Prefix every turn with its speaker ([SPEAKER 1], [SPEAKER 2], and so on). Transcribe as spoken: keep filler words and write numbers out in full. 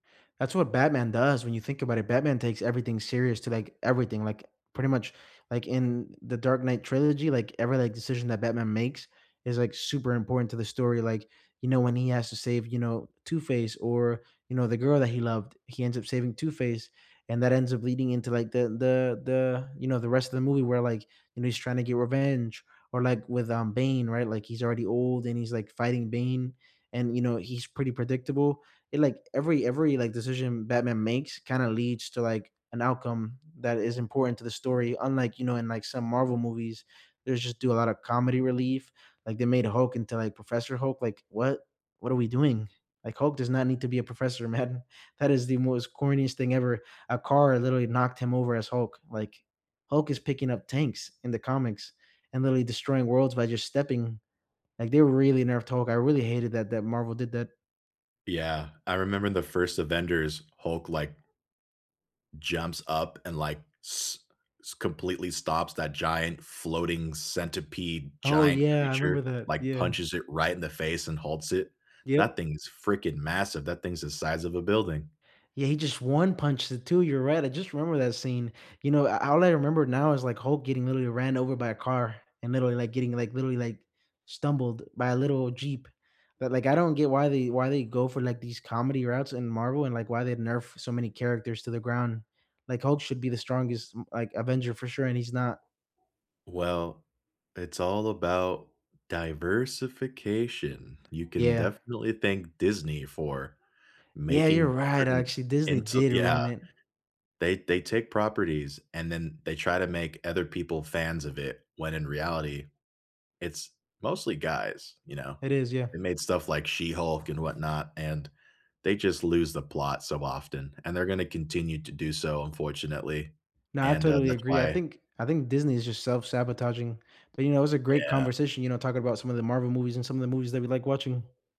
[SPEAKER 1] That's what Batman does when you think about it, Batman takes everything serious to, like, everything, like, pretty much like, in the Dark Knight trilogy, like, every, like, decision that Batman makes is, like, super important to the story, like, you know, when he has to save, you know, Two-Face or, you know, the girl that he loved he ends up saving Two-Face, and that ends up leading into, like, the the the you know, the rest of the movie where, like, you know, he's trying to get revenge, or, like, with, um, Bane, right? Like, he's already old and he's, like, fighting Bane and, you know, he's pretty predictable, it like, every ever, like, decision Batman makes kinda leads to, like, an outcome that is important to the story, unlike, you know, in, like, some Marvel movies, there's just do a lotta comedy relief, like they made a Hulk into, like, Professor Hulk, like what what are we doing? Like, Hulk does not need to be a professor, man, that is the most corniest thing ever, a car literally knocked him over as Hulk, like, Hulk is picking up tanks in the comics, and literally destroying worlds by just stepping. Like, they were really nerf talk, I really hated that that Marvel did that.
[SPEAKER 2] Yeah, I remember the first Avengers, Hulk, like jumps up and, like, s s completely stops that giant, floating centipede
[SPEAKER 1] Oh
[SPEAKER 2] giant
[SPEAKER 1] yeah, I
[SPEAKER 2] creature,
[SPEAKER 1] remember that
[SPEAKER 2] like
[SPEAKER 1] yeah.
[SPEAKER 2] punches it right in the face and halts it.
[SPEAKER 1] Yep.
[SPEAKER 2] That thing is freaking massive, that thing is the size of a building.
[SPEAKER 1] Yeah, he just one-punched the two, you're right, I just remember that scene, you know, I all I remember now is, like, Hulk getting, literally, ran over by a car and, literally, like, getting, like, literally, like, stumbled by a little jeep, but, like, I don't get why they why they go for, like, these comedy routes in Marvel and, like, why they nerf so many characters to the ground, like, Hulk should be the strongest, m like, Avenger for sure, and he's not.
[SPEAKER 2] Well, it's all about diversification, you can
[SPEAKER 1] Yeah.
[SPEAKER 2] definitely thank Disney for
[SPEAKER 1] Yeah, you're
[SPEAKER 2] making
[SPEAKER 1] right,
[SPEAKER 2] certain
[SPEAKER 1] actually Disney
[SPEAKER 2] into
[SPEAKER 1] did
[SPEAKER 2] yeah.
[SPEAKER 1] ruin it.
[SPEAKER 2] They they take properties and then they try to make other people fans of it, when in reality, it's mostly guys, you know,
[SPEAKER 1] It is, yeah.
[SPEAKER 2] they made stuff like She-Hulk and whatnot, and they just lose the plot so often, and they're gonna continue to do so unfortunately,
[SPEAKER 1] No, I
[SPEAKER 2] and, uh,
[SPEAKER 1] totally
[SPEAKER 2] that's
[SPEAKER 1] agree, I
[SPEAKER 2] why
[SPEAKER 1] think I think Disney is just self-sabotaging, but, you know, it was a great
[SPEAKER 2] Yeah.
[SPEAKER 1] conversation, you know, talking 'bout some of the Marvel movies and some of the movies that we like watching.